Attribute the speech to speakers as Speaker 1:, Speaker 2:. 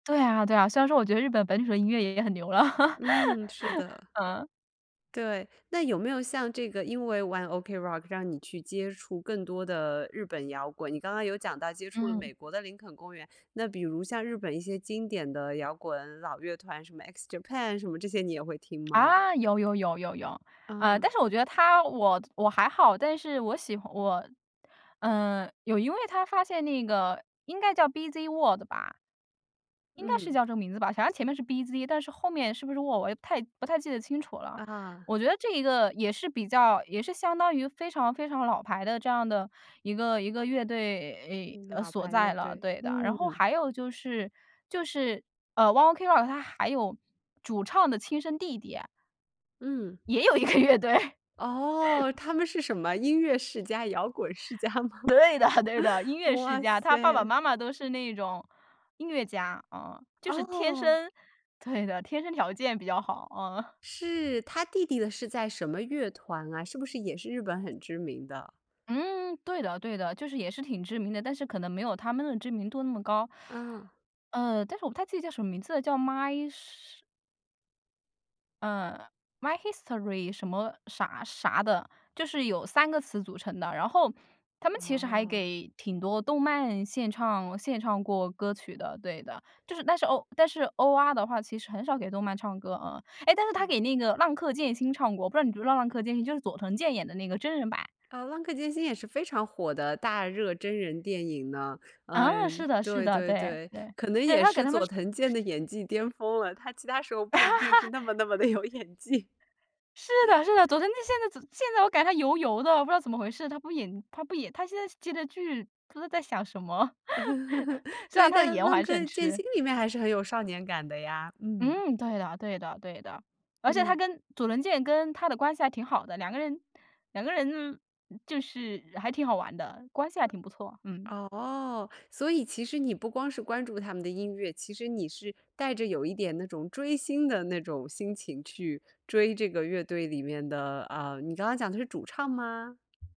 Speaker 1: 对啊，对啊，虽然说我觉得日本本土的音乐也很牛了，
Speaker 2: 嗯，是的。
Speaker 1: 嗯。
Speaker 2: 对，那有没有像这个，因为玩 OK Rock，让你去接触更多的日本摇滚？你刚刚有讲到接触了
Speaker 1: 嗯。
Speaker 2: 美国的林肯公园，那比如像日本一些经典的摇滚老乐团，什么 X JAPAN 什么这些你也会听吗？
Speaker 1: 啊，有有有有有。呃，
Speaker 2: 嗯。
Speaker 1: 但是我觉得他我我还好，但是我喜欢我，呃，有一位他发现那个，应该叫 B‘z World 吧。应该是
Speaker 2: 嗯。
Speaker 1: 叫这个名字吧，好像前面是 B’z，但是后面是不是 World，我也不太不太记得清楚了。
Speaker 2: 啊。
Speaker 1: 我觉得这一个也是比较也是相当于非常非常老牌的这样的一个一个乐队
Speaker 2: 嗯，
Speaker 1: 呃，
Speaker 2: 老
Speaker 1: 所
Speaker 2: 牌
Speaker 1: 在
Speaker 2: 乐
Speaker 1: 了。
Speaker 2: 队，
Speaker 1: 对的，然后
Speaker 2: 嗯。
Speaker 1: 还有就是就是，呃，ONE OK ROCK 他还有主唱的亲生弟弟。
Speaker 2: 嗯。
Speaker 1: 也有一个乐队。
Speaker 2: 哦，他们是什么音乐世家，摇滚世家吗？
Speaker 1: 对的对的，音 乐世
Speaker 2: 哇
Speaker 1: 家，他爸爸
Speaker 2: 塞！
Speaker 1: 妈妈都是那种音乐家。嗯，就是天
Speaker 2: 哦。
Speaker 1: 生对的，天生条件比较好，嗯。
Speaker 2: 是，他弟弟的是在什么乐团啊？是不是也是日本很知名的？
Speaker 1: 嗯，对的对的，就是也是挺知名的，但是可能没有他们的知名度那么高。
Speaker 2: 嗯。
Speaker 1: 呃，但是我不太记得叫什么名字了，叫 my 什嗯，my history 什么啥啥的，就是有3个词组成的。然后他们其实还
Speaker 2: 哦。
Speaker 1: 给挺多动漫献唱献唱过歌曲的。对的，就是但是欧但是欧阿的话其实很少给动漫唱歌，嗯，哎，但是他
Speaker 2: 嗯。
Speaker 1: 给那个浪客剑心唱过我不知道你知不知道浪客剑心，就是佐藤健演的那个真人版。
Speaker 2: 嗯，浪客剑心也是非常火的大热真人电影呢。
Speaker 1: 啊，
Speaker 2: 嗯，
Speaker 1: 是的是
Speaker 2: 对
Speaker 1: 的。
Speaker 2: 对
Speaker 1: 对
Speaker 2: 对，
Speaker 1: 对，
Speaker 2: 可能
Speaker 1: 对，
Speaker 2: 也
Speaker 1: 他给
Speaker 2: 是
Speaker 1: 他们
Speaker 2: 佐藤健的演技巅峰了，他其他时候不一定是 那么那么地有演技。
Speaker 1: 是的是的，佐藤他现在现在我感觉他油油的，我不知道怎么回事。他不演他不演，他现在接的剧，不知道在想什么。虽
Speaker 2: 对，
Speaker 1: 然他的
Speaker 2: 但
Speaker 1: 颜我
Speaker 2: 浪
Speaker 1: 还是很
Speaker 2: 客剑
Speaker 1: 吃。
Speaker 2: 心里面还是很有少年感的呀，嗯。
Speaker 1: 嗯，对呀，对的对的。而且他
Speaker 2: 嗯。
Speaker 1: 跟佐藤健跟他的关系还挺好的，2个人2个人就是还挺好玩的，关系还挺不错，嗯。
Speaker 2: 哦，所以其实你不光是关注他们的音乐，其实你是带着有一点那种追星的那种心情去追这个乐队里面的啊，你刚刚讲的是主唱吗？